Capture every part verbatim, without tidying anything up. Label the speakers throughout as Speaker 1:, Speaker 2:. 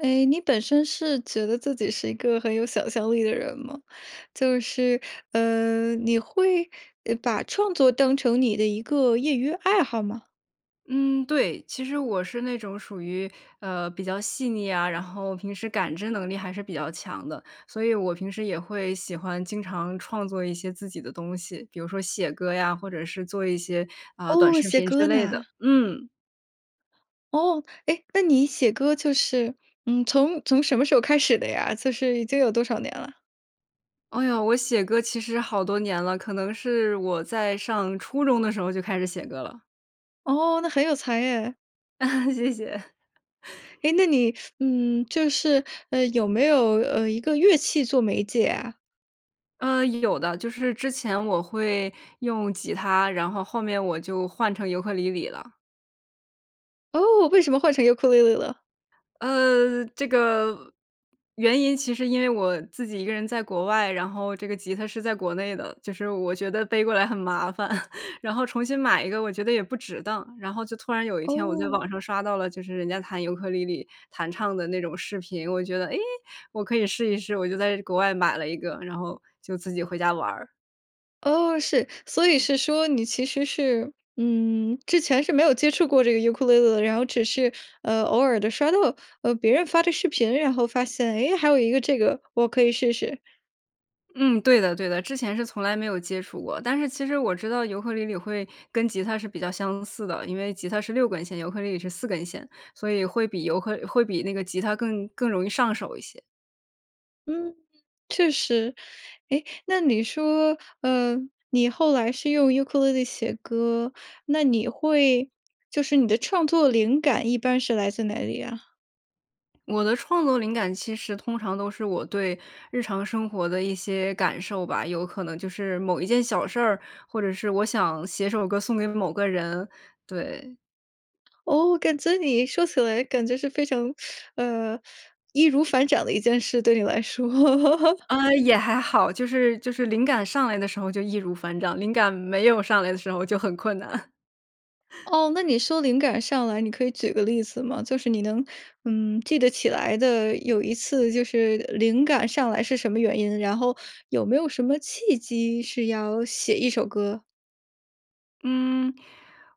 Speaker 1: 哎，你本身是觉得自己是一个很有想象力的人吗？就是，嗯，你会，呃，把创作当成你的一个业余爱好吗？
Speaker 2: 嗯，对，其实我是那种属于，呃，比较细腻啊，然后平时感知能力还是比较强的。所以我平时也会喜欢经常创作一些自己的东西，比如说写歌呀，或者是做一些，啊，短
Speaker 1: 哦，
Speaker 2: 视
Speaker 1: 写
Speaker 2: 频之
Speaker 1: 歌
Speaker 2: 类的。
Speaker 1: 呢。
Speaker 2: 嗯。
Speaker 1: 哦。哎，那你写歌就是，嗯，从从什么时候开始的呀，就是已经有多少年了？
Speaker 2: 哦哟，我写歌其实好多年了，可能是我在上初中的时候就开始写歌了。
Speaker 1: 哦，那很有才哎。
Speaker 2: 谢谢。
Speaker 1: 诶，那你，嗯，就是，呃，有没有，呃，一个乐器做媒介啊？
Speaker 2: 嗯，有的。就是之前我会用吉他，然后后面我就换成尤克里里了。
Speaker 1: 哦，为什么换成尤酷里里了？
Speaker 2: 呃，这个，原因其实因为我自己一个人在国外，然后这个吉他是在国内的，就是我觉得背过来很麻烦。然后重新买一个我觉得也不值当。然后就突然有一天我在
Speaker 1: 哦。
Speaker 2: 网上刷到了，就是人家弹尤克里里，弹唱的那种视频，我觉得，诶，我可以试一试。我就在国外买了一个，然后就自己回家玩儿。
Speaker 1: 哦，是，所以是说你其实是嗯，之前是没有接触过这个尤克里里的，然后只是，呃，偶尔地刷到，呃，别人发的视频，然后发现，哎，还有一个这个我可以试试。
Speaker 2: 嗯，对的，对的，之前是从来没有接触过。但是其实我知道尤克里里会跟吉他是比较相似的，因为吉他是六根弦，尤克里里是四根弦，所以会比尤克会比那个吉他更更容易上手一些。
Speaker 1: 嗯。确实，哎，那你说，呃，你后来是用尤克里里写歌，那你会就是你的创作灵感一般是来自哪里呀？
Speaker 2: 我的创作灵感其实通常都是，我对日常生活的一些感受吧，有可能就是某一件小事儿，或者是我想写首歌送给某个人，对。
Speaker 1: 哦，感觉你说起来感觉是非常 呃，易如反掌的一件事，对你来说。
Speaker 2: 呃，也还好，就是就是灵感上来的时候，就易如反掌，灵感没有上来的时候就很困难。
Speaker 1: 哦，那你说灵感上来，你可以举个例子吗？就是你能嗯，记得起来的有一次，就是灵感上来是什么原因，然后有没有什么契机是要写一首歌？
Speaker 2: 嗯，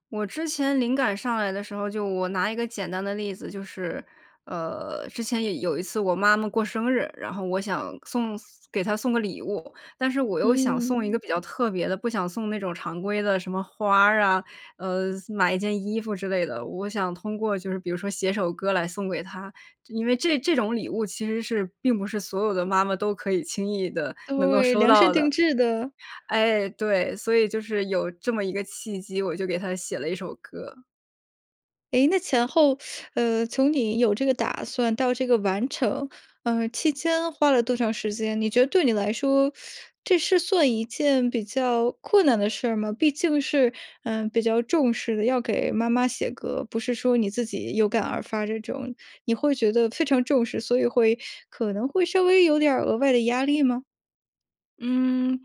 Speaker 2: 我之前灵感上来的时候，就我拿一个简单的例子，就是，呃，之前有有一次我妈妈过生日，然后我想送给她送个礼物。但是我又想
Speaker 1: 嗯。
Speaker 2: 送一个比较特别的，不想送那种常规的什么花儿啊，呃，买一件衣服之类的。我想通过就是比如说写首歌来送给她，因为这这种礼物其实是，并不是所有的妈妈都可以轻易地能够
Speaker 1: 对，
Speaker 2: 收
Speaker 1: 量身
Speaker 2: 到
Speaker 1: 定
Speaker 2: 的。
Speaker 1: 制的。
Speaker 2: 哎，对，所以就是有这么一个契机，我就给她写了一首歌。
Speaker 1: 诶，那前后 呃，从你有这个打算到这个完成，呃，期间花了多长时间？你觉得对你来说，这是算一件比较困难的事儿吗？毕竟是，嗯，比较重视的，要给妈妈写歌，不是说你自己有感而发这种，你会觉得非常重视，所以会，可能会稍微有点儿额外的压力吗？
Speaker 2: 嗯，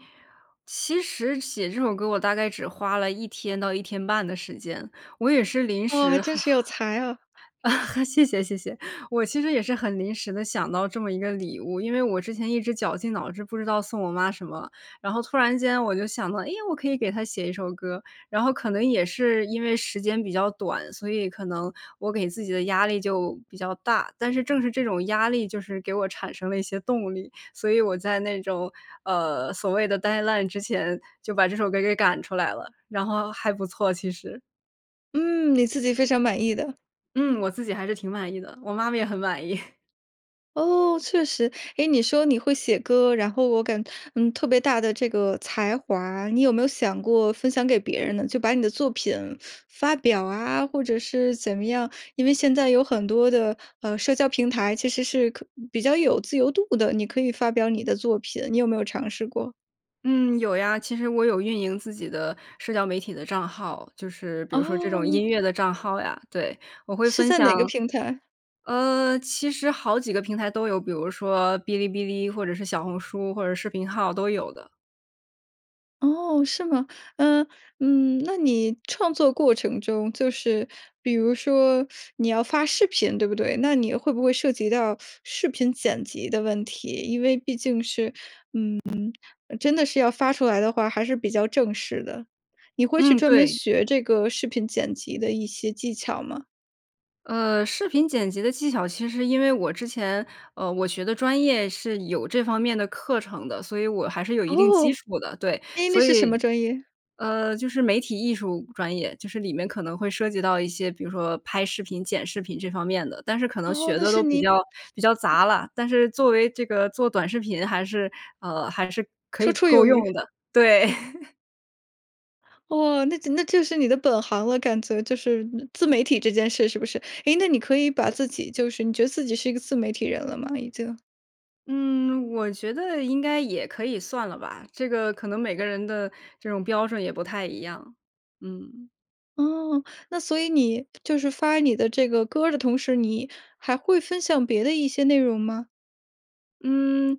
Speaker 2: 其实写这首歌，我大概只花了一天到一天半的时间，我也是临
Speaker 1: 哦，
Speaker 2: 时
Speaker 1: 真是有才啊。
Speaker 2: 谢谢，谢谢，我其实也是很临时地想到这么一个礼物，因为我之前一直绞尽脑汁，不知道送我妈什么。然后突然间我就想到，哎呀，我可以给她写一首歌，然后可能也是因为时间比较短，所以可能我给自己的压力就比较大。但是正是这种压力，就是给我产生了一些动力，所以我在那种，呃，所谓的 deadline 之前，就把这首歌给赶出来了，然后还不错，其实。
Speaker 1: 嗯，你自己非常满意的。
Speaker 2: 嗯，我自己还是挺满意的，我妈妈也很满意。
Speaker 1: 哦，确实。诶，你说你会写歌，然后我感嗯，特别大的这个才华，你有没有想过分享给别人呢？就把你的作品发表啊，或者是怎么样，因为现在有很多的，呃，社交平台其实是可比较有自由度的，你可以发表你的作品，你有没有尝试过？
Speaker 2: 嗯，有呀，其实我有运营自己的社交媒体的账号，就是比如说这种
Speaker 1: 哦。
Speaker 2: 音乐的账号呀，对。我会
Speaker 1: 是
Speaker 2: 分
Speaker 1: 在哪
Speaker 2: 享
Speaker 1: 个平台？
Speaker 2: 呃，其实好几个平台都有，比如说哔哩哔哩或者是小红书或者视频号都有的。
Speaker 1: 哦，是吗？呃，嗯，那你创作过程中，就是比如说，你要发视频对不对？那你会不会涉及到视频剪辑的问题，因为毕竟是，嗯，真的是要发出来的话，还是比较正式的，你会去
Speaker 2: 嗯，
Speaker 1: 专门
Speaker 2: 对。
Speaker 1: 学这个视频剪辑的一些技巧吗？
Speaker 2: 呃，视频剪辑的技巧，其实因为我之前，呃，我学的专业是有这方面的课程的，所以我还是有一定基
Speaker 1: 哦，
Speaker 2: 础的，对。
Speaker 1: 哎，那
Speaker 2: 所
Speaker 1: 是什么
Speaker 2: 以
Speaker 1: 专业？
Speaker 2: 呃，就是媒体艺术专业，就是里面可能会涉及到一些，比如说拍视频、剪视频这方面的，但是可能
Speaker 1: 哦，
Speaker 2: 学
Speaker 1: 那
Speaker 2: 的
Speaker 1: 是
Speaker 2: 都比
Speaker 1: 你
Speaker 2: 较比较杂了，但是作为这个做短视频还是，呃，还是可
Speaker 1: 绰
Speaker 2: 以
Speaker 1: 绰有
Speaker 2: 够
Speaker 1: 余。
Speaker 2: 用的，对。
Speaker 1: 哦，那就那就是你的本行了，感觉就是自媒体这件事是不是？哎，那你可以把自己就是你觉得自己是一个自媒体人了吗？已经。
Speaker 2: 嗯，我觉得应该也可以算了吧，这个可能每个人的这种标准也不太一样，嗯。
Speaker 1: 哦，那所以你，就是发你的这个歌儿的同时，你还会分享别的一些内容吗？
Speaker 2: 嗯，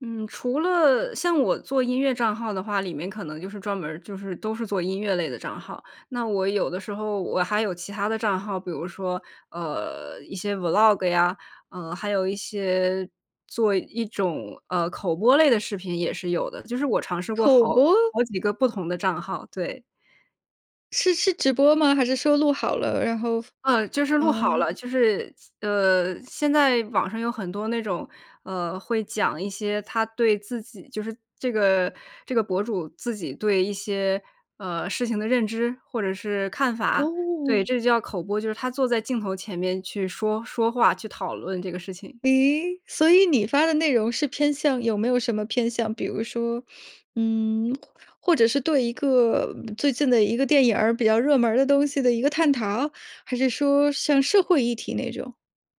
Speaker 2: 嗯，除了像我做音乐账号的话，里面可能就是专门儿就是都是做音乐类的账号。那我有的时候我还有其他的账号，比如说，呃，一些 Vlog 呀，呃，还有一些做一种，呃，口播类的视频也是有的，就是我尝试过
Speaker 1: 口
Speaker 2: 好
Speaker 1: 播？
Speaker 2: 好几个不同的账号，对。
Speaker 1: 是是直播吗？还是收录好了，然后
Speaker 2: 嗯，就是录好
Speaker 1: 嗯。
Speaker 2: 了，就是，呃，现在网上有很多那种，呃，会讲一些他对自己就是这个这个博主自己对一些，呃，事情的认知或者是看法。对，
Speaker 1: 哦。
Speaker 2: 这就叫口播，就是他坐在镜头前面去说说话，去讨论这个事情。
Speaker 1: 咦，所以你发的内容是偏向有没有什么偏向？比如说，嗯，或者是对一个最近的一个电影儿、比较热门儿的东西的一个探讨，还是说像社会议题那种？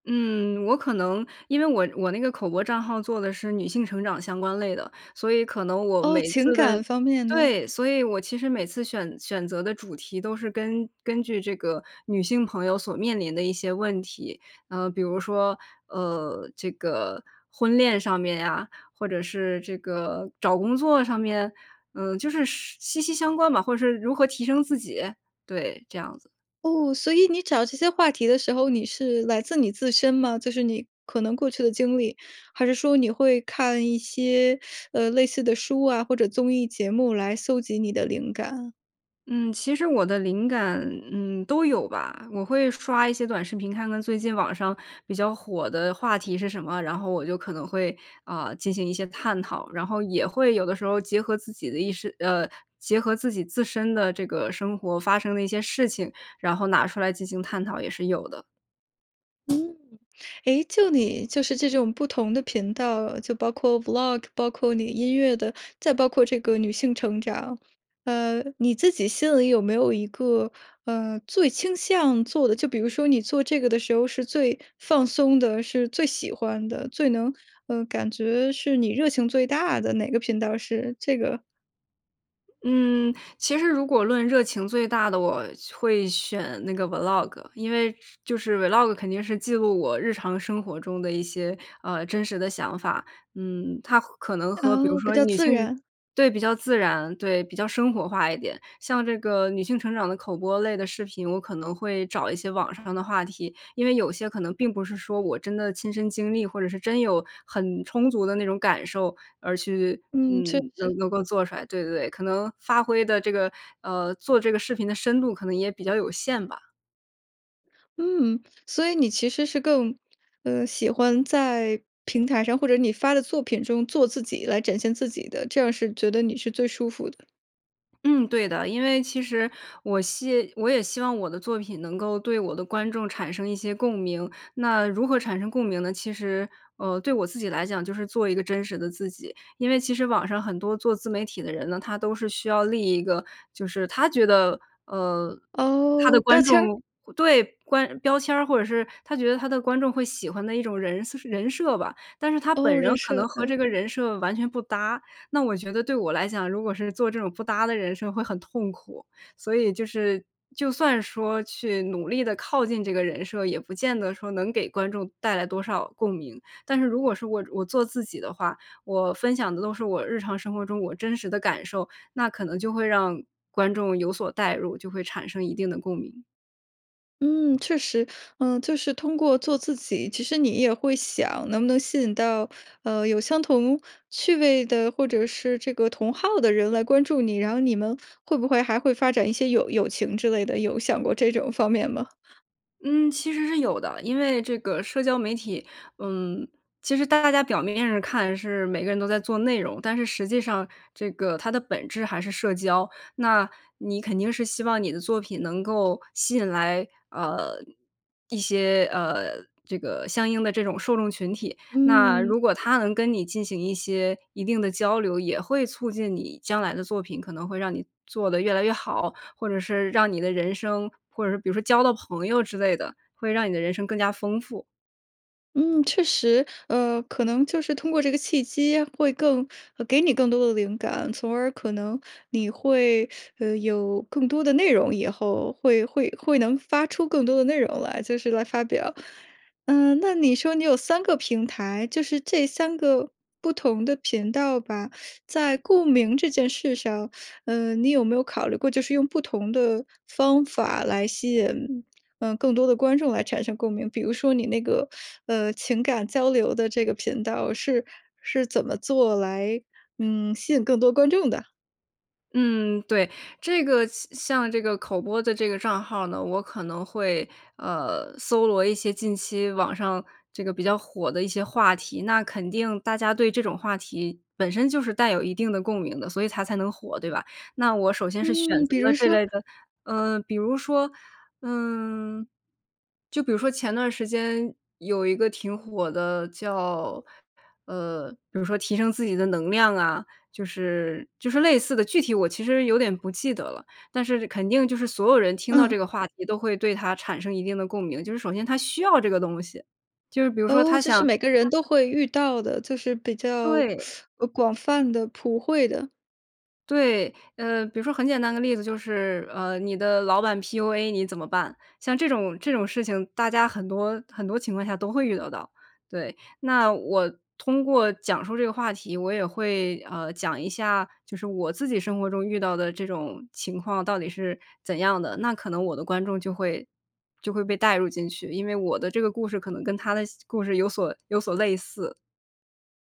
Speaker 2: 嗯，我可能，因为我我那个口播账号做的是女性成长相关类的，所以可能我
Speaker 1: 哦，
Speaker 2: 每一
Speaker 1: 情
Speaker 2: 次的
Speaker 1: 感方面的。
Speaker 2: 对，所以我其实每次选选择的主题，都是根根据这个女性朋友所面临的一些问题。呃，比如说，呃，这个婚恋上面呀，或者是这个找工作上面，嗯，就是是息息相关吧，或者是如何提升自己，对，这样子。
Speaker 1: 哦，所以你找这些话题的时候，你是来自你自身吗？就是你可能过去的经历，还是说你会看一些，呃，类似的书啊，或者综艺节目来搜集你的灵感？
Speaker 2: 嗯，其实我的灵感，嗯，都有吧。我会刷一些短视频，看看最近网上比较火的话题是什么，然后我就可能会，啊，进行一些探讨。然后也会有的时候结合自己的意识呃，结合自己自身的这个生活，发生的一些事情，然后拿出来进行探讨也是有的。
Speaker 1: 嗯。诶，就你就是这种不同的频道，就包括 Vlog，包括你音乐的，再包括这个女性成长。呃，你自己心里有没有一个，呃，最倾向做的？就比如说你做这个的时候是最放松的，是最喜欢的，最能呃，感觉是你热情最大的，哪个频道是这个？
Speaker 2: 嗯，其实如果论热情最大的，我会选那个 Vlog。因为就是 Vlog，肯定是记录我日常生活中的一些，呃，真实的想法。嗯，它可能和，比如
Speaker 1: 哦，比
Speaker 2: 说
Speaker 1: 较
Speaker 2: 女
Speaker 1: 自
Speaker 2: 性
Speaker 1: 然。
Speaker 2: 对，比较自然，对，比较生活化一点。像这个女性成长的口播类的视频，我可能会找一些网上的话题，因为有些可能并不是说我真的亲身经历，或者是真有很充足的那种感受，而去
Speaker 1: 嗯，确
Speaker 2: 嗯，
Speaker 1: 实。
Speaker 2: 能能够做出来，对，对，对。可能发挥的这个，呃，做这个视频的深度可能也比较有限吧。
Speaker 1: 嗯，所以你其实是更呃，喜欢在平台上，或者你发的作品中，做自己来展现自己的，这样儿是觉得你是最舒服的。
Speaker 2: 嗯，对的，因为其实我希我也希望我的作品，能够对我的观众产生一些共鸣，那如何产生共鸣呢？其实，呃，对我自己来讲，就是做一个真实的自己。因为其实网上很多做自媒体的人呢，他都是需要立一个，就是他觉得，呃，他的
Speaker 1: 哦，标
Speaker 2: 观众
Speaker 1: 签儿。
Speaker 2: 对，观标签儿，或者是他觉得他的观众会喜欢的一种人人设吧。但是他本
Speaker 1: 哦，人
Speaker 2: 人可
Speaker 1: 设，
Speaker 2: 能和
Speaker 1: 对。
Speaker 2: 这个人设完全不搭，那我觉得对我来讲，如果是做这种不搭的人设会很痛苦。所以就是，就算说去努力地靠近这个人设，也不见得说能给观众带来多少共鸣。但是如果是我我做自己的话，我分享的都是我日常生活中我真实的感受，那可能就会让观众有所带入，就会产生一定的共鸣。
Speaker 1: 嗯，确实，呃，就是通过做自己，其实你也会想，能不能吸引到，呃，有相同趣味的，或者是这个同好的人来关注你。然后你们会不会还会发展一些友友情之类的，有想过这种方面吗？
Speaker 2: 嗯，其实是有的，因为这个社交媒体，嗯，其实大家表面上看，是每个人都在做内容，但是实际上这个它的本质还是社交。那，你肯定是希望你的作品能够吸引来，呃，一些，呃，这个相应的这种受众群体。那
Speaker 1: 嗯。
Speaker 2: 如果他能跟你进行一些一定的交流，也会促进你将来的作品，可能会让你做得越来越好，或者是让你的人生，或者是比如说交到朋友之类的，会让你的人生更加丰富。
Speaker 1: 嗯，确实，呃，可能就是通过这个契机，会更给你更多的灵感，从而可能你会，呃，有更多的内容以后，会会会能发出更多的内容来，就是来发表。嗯，那你说你有三个平台，就是这三个不同的频道吧，在共鸣这件事上，呃，你有没有考虑过，就是用不同的方法来吸引，呃，更多的观众来产生共鸣？比如说你那个，呃，情感交流的这个频道是是怎么做来，嗯，吸引更多观众的？
Speaker 2: 嗯，对。这个像像这个口播的这个账号呢，我可能会，呃搜罗一些近期网上这个比较火的一些话题，那肯定大家对这种话题本身就是带有一定的共鸣的，所以它才能火对吧？那我首先是选
Speaker 1: 嗯，
Speaker 2: 择
Speaker 1: 比如
Speaker 2: 了这
Speaker 1: 说？
Speaker 2: 类的嗯，比如说，嗯，就比如说前段时间有一个挺火的叫，呃，比如说提升自己的能量啊，就是就是类似的，具体我其实有点不记得了，但是肯定就是所有人听到
Speaker 1: 嗯。
Speaker 2: 这个话题都会对它产生一定的共鸣。就是首先他需要这个东西，就是比如说
Speaker 1: 哦，
Speaker 2: 他
Speaker 1: 就是
Speaker 2: 想
Speaker 1: 每个人都
Speaker 2: [unintelligible]
Speaker 1: 会遇到的，就是比较，
Speaker 2: 对。
Speaker 1: 广泛的普惠的。
Speaker 2: 对。呃比如说很简单的例子，就是，呃你的老板 PUA 你怎么办？像这种这种事情大家很多很多情况下都会遇得到。对，那我通过讲述这个话题，我也会，呃讲一下，就是我自己生活中遇到的这种情况到底是怎样的，那可能我的观众就会就会被带入进去，因为我的这个故事可能跟他的斯故事有所有所类似。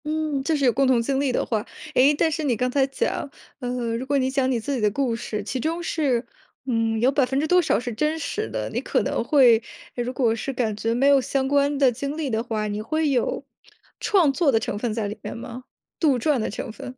Speaker 1: 嗯，就是有共同经历的话。诶，但是你刚才讲，呃，如果你讲你自己的故事，其中是，嗯，有百分之多少是真实的，你可能会如果是感觉没有相关的经历的话，你会有创作的成分在里面吗？杜撰的成分？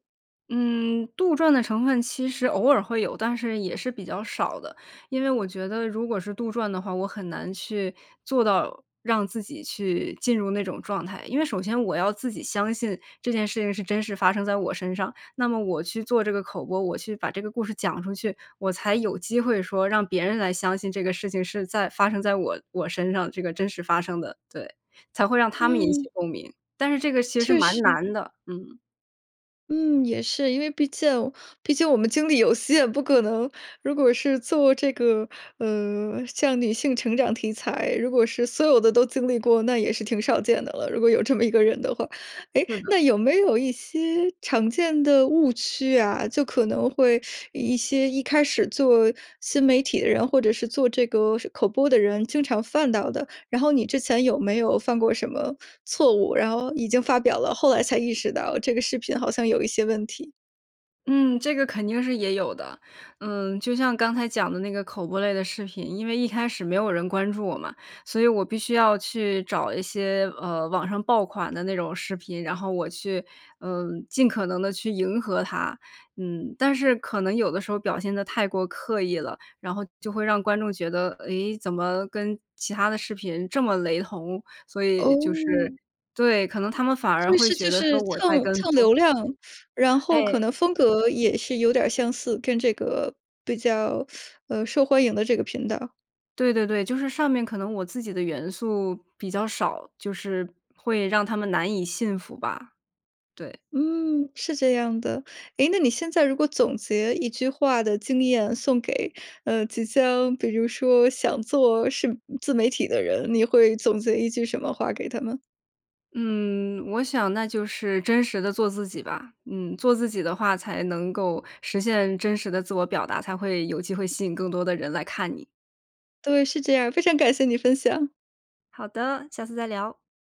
Speaker 2: 嗯，杜撰的成分其实偶尔会有，但是也是比较少的。因为我觉得如果是杜撰的话，我很难去做到让自己去进入那种状态。因为首先我要自己相信这件事情是真实发生在我身上，那么我去做这个口播，我去把这个故事讲出去，我才有机会说让别人来相信这个事情是在发生在我我身上，这个真实发生的，对，才会让他们引起
Speaker 1: 嗯。
Speaker 2: 共鸣。但是这个其实是
Speaker 1: 确
Speaker 2: 蛮
Speaker 1: 实。
Speaker 2: 难的。嗯。
Speaker 1: 嗯，也是，因为毕竟毕竟我们精力有限，不可能如果是做这个，呃，像女性成长题材，如果是所有的都经历过，那也是挺少见的了，如果有这么一个人的话。诶，
Speaker 2: 是的。
Speaker 1: 那有没有一些常见的误区啊？就可能会一些一开始做新媒体的人，或者是做这个是口播的人，经常犯到的。然后你之前有没有犯过什么错误，然后已经发表了，后来才意识到这个视频好像有一些问题？
Speaker 2: 嗯，这个肯定是也有的。嗯，就像刚才讲的那个口播类的视频，因为一开始没有人关注我嘛，所以我必须要去找一些，呃，网上爆款的那种视频，然后我去，嗯，尽可能地去迎合它，嗯。但是可能有的时候表现得太过刻意了，然后就会让观众觉得，咦，怎么跟其它的视频这么雷同，所以就是
Speaker 1: 哦。
Speaker 2: 对，可能他们反
Speaker 1: 他
Speaker 2: 而
Speaker 1: 们
Speaker 2: 会
Speaker 1: 是
Speaker 2: 觉
Speaker 1: 就
Speaker 2: 得说
Speaker 1: 是
Speaker 2: 我在
Speaker 1: 蹭
Speaker 2: 跟
Speaker 1: 蹭流
Speaker 2: 风。
Speaker 1: 量，然后可
Speaker 2: 哎。
Speaker 1: 能风格也是有点儿相似，跟这个比较，呃，受欢迎的这个频道。
Speaker 2: 对对对，就是上面可能我自己的元素比较少，就是会让他们难以信服吧。对。
Speaker 1: 嗯，是这样的。诶，那你现在如果总结一句话的经验，送给，呃，即将比如说想做是自媒体的人，你会总结一句什么话给他们？
Speaker 2: 嗯，我想那就是真实地做自己吧。嗯，做自己的话才能够实现真实的自我表达，才会有机会吸引更多的人来看你。
Speaker 1: 对，是这样儿。非常感谢你分享。
Speaker 2: 好的！下次再聊。